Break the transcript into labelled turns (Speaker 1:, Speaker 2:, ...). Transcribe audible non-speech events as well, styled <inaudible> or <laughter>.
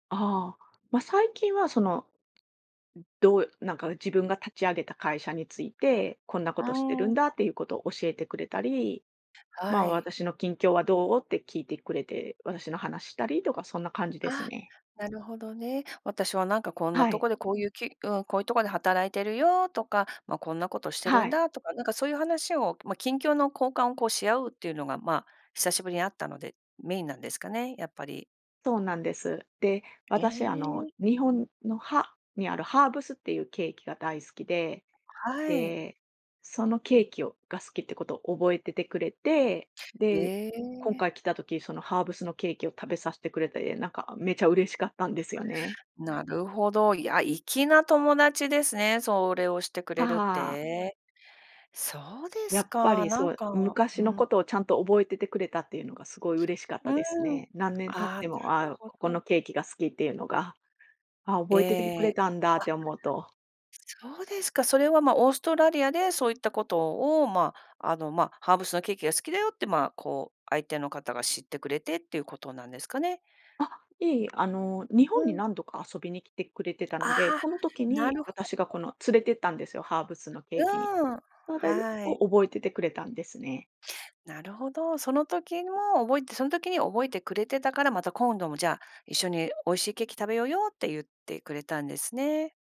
Speaker 1: ああ、ま、最近はそのうん、どうえ、なんか自分が立ち上げた会社について、「こんな
Speaker 2: う
Speaker 1: ことしてる
Speaker 2: ー
Speaker 1: ん
Speaker 2: ん。
Speaker 1: だ」っていうことを教えてくれたり、ま
Speaker 2: は
Speaker 1: あ、
Speaker 2: い。
Speaker 1: 「私の近況はどう？」って聞いてくれて、私の話したりとかそんな感じです
Speaker 2: あ、
Speaker 1: ね。
Speaker 2: なるほどね。「私はなんかこんな
Speaker 1: は
Speaker 2: と
Speaker 1: い。
Speaker 2: こでこういうき」うん。「...こういうとこで働いているよ」とか、「ま、こんなことし
Speaker 1: あ、
Speaker 2: てる
Speaker 1: は
Speaker 2: ん
Speaker 1: い。
Speaker 2: だ」とか、なんかそういう話をま、近況の交換をこうし合うっていうのがまあ、久しぶりに会ったので、メインなんですかね、やっぱり。
Speaker 1: そうなんです。で、
Speaker 2: へ
Speaker 1: 私あの
Speaker 2: え。
Speaker 1: 日本の、はにあるハーブスっていうケーキが大好きで、
Speaker 2: <unintelligible> はい。
Speaker 1: で、そのケーキをが好きってことを覚えててくれて、で、
Speaker 2: え
Speaker 1: 今
Speaker 2: え。
Speaker 1: 回来た時、そのハーブスのケーキを食べさしてくれて、え、なんかめちゃ嬉しかったんですよね。
Speaker 2: なるほど。いや、粋な友達ですね。それをしてく
Speaker 1: は
Speaker 2: れるっ
Speaker 1: はあ。
Speaker 2: て。そうで
Speaker 1: や
Speaker 2: す
Speaker 1: っぱ
Speaker 2: か。
Speaker 1: り
Speaker 2: なん
Speaker 1: そう、
Speaker 2: か
Speaker 1: 昔
Speaker 2: う
Speaker 1: の
Speaker 2: ん。
Speaker 1: ことをちゃんと覚えててくれたっていうのがすごい嬉しかっ
Speaker 2: う
Speaker 1: たです
Speaker 2: ーん。
Speaker 1: ね。何年経っ
Speaker 2: ああ、
Speaker 1: て
Speaker 2: なる
Speaker 1: もああ、う
Speaker 2: ほど。
Speaker 1: ここのケーキが好きっていうのが、「ああ、覚えててくれ
Speaker 2: え。あ。
Speaker 1: たんだ」って思うと
Speaker 2: <unintelligible> そうですか。それは、ま、オーストラリアでそういったことをまあ、あの、まあ、ハーブスのケーキが好きだよってまあ、こう、相手の方が知ってくれてっていうことなんですかね？
Speaker 1: あ、いえいえ、あの、日
Speaker 2: う
Speaker 1: 本に
Speaker 2: ん。
Speaker 1: 何度か遊びに来てくれてたので、
Speaker 2: ああ。
Speaker 1: この時
Speaker 2: な
Speaker 1: に
Speaker 2: るほど。
Speaker 1: 私がこの連れてったんですよ、ハーブスのケ
Speaker 2: う
Speaker 1: ーキに。
Speaker 2: ーん。
Speaker 1: <unintelligible> で
Speaker 2: はい。
Speaker 1: を覚えててくれたんですね。
Speaker 2: なるほど。その時も覚えてその時に覚えてくれてたから、「また今度もじゃあ一緒に美味しいケーキ食べようよ」って言ってくれたんですね。